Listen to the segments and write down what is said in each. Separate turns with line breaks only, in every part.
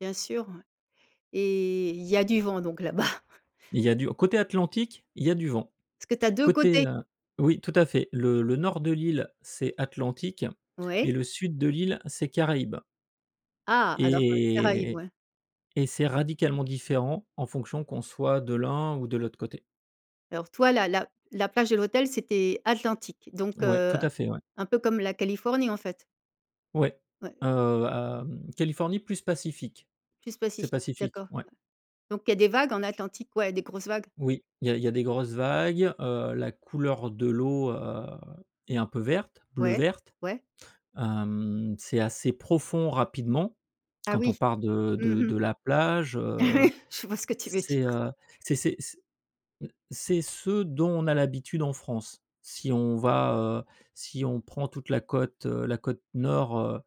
Bien sûr, ouais. Et il y a du vent donc là-bas.
Il y a du côté Atlantique, il y a du vent.
Parce que tu as 2
Côté,
côtés.
heu oui, tout à fait, le le nord de l'île, c'est Atlantique, et
Oui.
le sud de l'île, c'est Caraïbes.
Ah,
Et
alors, heu,
et -et
Caraïbes,
et.
ouais.
Et c'est radicalement différent en fonction qu'on soit de l'un ou de l'autre côté.
Alors, toi, la la la plage et l'hôtel, c'était Atlantique, donc,
Ouais,
heu,
tout à fait, ouais.
un peu comme la Californie, en fait.
Ouais.
Ouais.
Heu, à mmh, Californie, plus Pacifique.
Plus
C'est
pacifique,
Pacifique,
d'accord,
ouais.
ouais. Donc, il y des vagues en Atlantique, ouais? Des grosses vagues?
Oui. Il y a il y a des grosses vagues. Heu, la couleur de l'eau, heu, est un peu verte,
Ouais,
bleu-verte.
ouais.
Hem, c'est assez profond rapidement,
Ah
quand on
oui,
part de
mmh
de
mh.
de la plage, heu.
Oui, je vois ce que tu veux dire.
C'est heu c'est c'est c'est, mmh, c'est ce dont on a l'habitude en France. Si on va, heu, si on prend toute la côte, heu, la côte nord, heu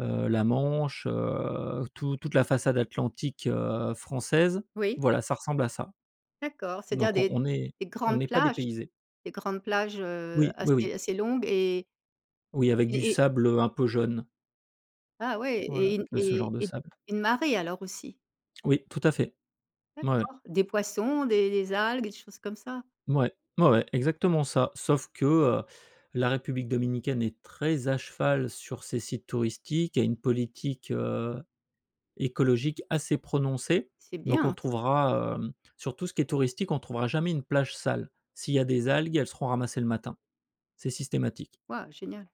heu, la Manche, heu, tou toute la façade atlantique, heu, française,
Oui.
voilà ça ressemble à ça.
D'accord, c'est-à-dire
Donc,
des
on est
des
on
grandes
est pas
plages
dépaysé.
des grandes plages, heu,
Oui, oui oui.
assez assez longues et
Oui, avec du
et et
sable, heu, un peu jaune.
Ah ouais,
Voilà,
et une
heu, ce genre
et
de
et
sable.
une marée alors aussi?
Oui, tout à fait. Ouais.
D'accord, des poissons, des des algues, des choses comme ça?
Mouais. Ouais, ouais, exactement ça, sauf que, heu, la République Dominicaine est très à cheval sur ses sites touristiques, il y a une politique, heu, écologique assez prononcée.
C'est
Donc, on
bien, ça.
trouvera, hem, sur tout ce qui est touristique, on trouvera jamais une plage sale. S'il y a des algues, elles seront ramassées le matin. C'est systématique.
Waouh, génial!